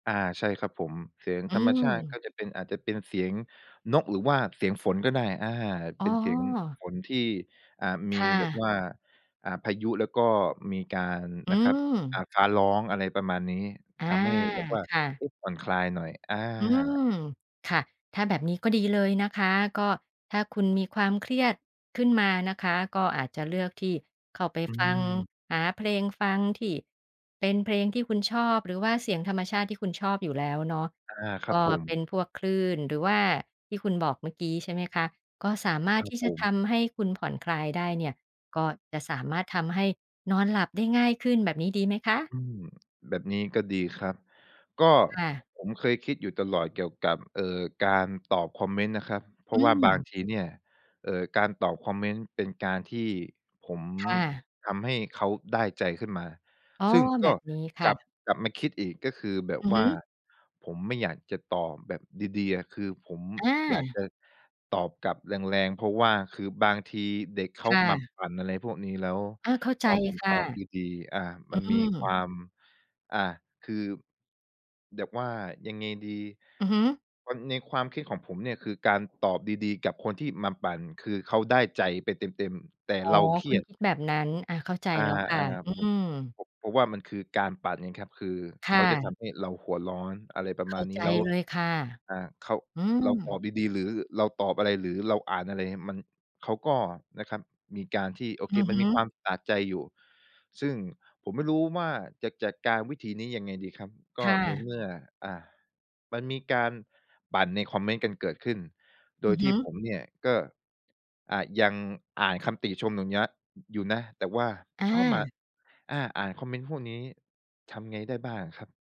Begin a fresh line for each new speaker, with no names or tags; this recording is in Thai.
อา ใช่ครับผม เสียง
อื
ธรรมชาติก็
ม
จะเป็น อาจจะเป็นเสียงนก หรือว่าเสียงฝนก็ได้ อา
อ๋
เป็
อ
นเสียงฝนที่ อ่า ม
ค
ี
่
แบบ
ะ
ว่า อ่า พายุแล้วก็มีการ
อื
นะครับ อ่า
ม
ฟ้าร้อง อะไรประมาณนี้
อา
ทำให้แบบว่า
ค่ะ
อุ๊ย ผ่อนคลายหน่อย อ
อื
า
ม ค่ะ ถ้าแบบนี้ก็ดีเลยนะคะ ก็ถ้าคุณมีความเครียดขึ้นมานะคะ ก็อาจจะเลือกที่เข้าไป
อื
ฟัง
ม
หาเพลงฟังที่ เป็นเพลงที่คุณชอบ หรือว่าเสียงธรรมชาติที่คุณชอบอยู่แล้วเนาะ
อา คร
ก
ับ
็
ผ
เป
ม
็นพวกคลื่น หรือว่าที่คุณบอกเมื่อกี้ ใช่ไหมคะ ก็สามาร
ค
ถ
รั
ท
บ
ี่
ผ
จะ
ม
ทำให้คุณผ่อนคลายได้เนี่ย ก็จะสามารถทำให้นอนหลับได้ง่ายขึ้น แบบนี้ดีไหมคะ?
อืม แบบนี้ก็ดีครับ ก็
ค่ะ
ผมเคยคิดอยู่ตลอดเกี่ยวกับ เอ่อ การตอบคอมเมนต์นะครับ เพร
อ
าะว่าบาง
ืม
ทีเนี่ย เอ่อ การตอบคอมเมนต์เป็นการที่ผม
ค่ะ
ทำให้เขาได้ใจขึ้นมา
อ๋อ
ซึ่งก
แบ
็
บนี้ค
ก
่
ลับ
ะ
กลับมาคิดอีก ก็คือแบบ
อือ
ว
ฮ
่
ึ
าผมไม่อยากจะตอบแบบดี ๆ อะ คือผม
อ
อยาก
า
จะตอบกลับแรง ๆ เพราะว่าคือบางทีเด็กเข
ค
า
่
มา
ะ
ปั่น อะไรพวกนี้ แล้ว
อา เข้าใ
พ
จ
อผม
ค
ต
่ะ
อบดี ๆ อา
อื
มันมีคว
ม
าม อา คือ แบบว่ายังไงดี
อือฮึ
มัน ในความคิดของผมเนี่ย คือการตอบดี ๆ กับคนที่มาปั่น คือเขาได้ใจไปเต็ม ๆ แต่
อ๋อ
เราเคร
ค
ี
ุณ
ยด
คิดแบบนั้น อา เข้าใจ
อา
แล้วค่ะ อื
ๆ บ
ม
พ เพราะว่ามันคือการปั่นไงครับ คือ
ค
เข
่
าจะท
ะ
ำให้เราหัวร้อน อะไรประ
เข
ม
้
า
า
ณน
ใ
ี
จ
้ แล้ว
เลยค่ะ
อา เขา
อื
เร
ม
าตอบดี ๆ หรือเราตอบอะไร หรือเราอ่านอะไร มัน เขาก็นะครับมีการที่ โอ
อ
เค
ือ
มั
ฮ
นมีคว
ึ
ามสะใจอยู่ ซึ่งผมไม่รู้ว่าจะจัดการวิธีนี้ยังไงดีครับ ก
ค
็
่
ใน
ะ
เมื่อ อ่า มันมีการปั่นในคอมเมนต์กันเกิดขึ้น โด
อื
ย
อ
ท
ฮ
ี่
ึ
ผมเนี่ยก็ อ่า ยังอ่านคำติชม อย่างเนี้ย อยู่นะ แต่ว่า
อ
ชอบมา
า
อา อ่านคอมเมนต์พวกนี้ทำไงได้บ้างครับ?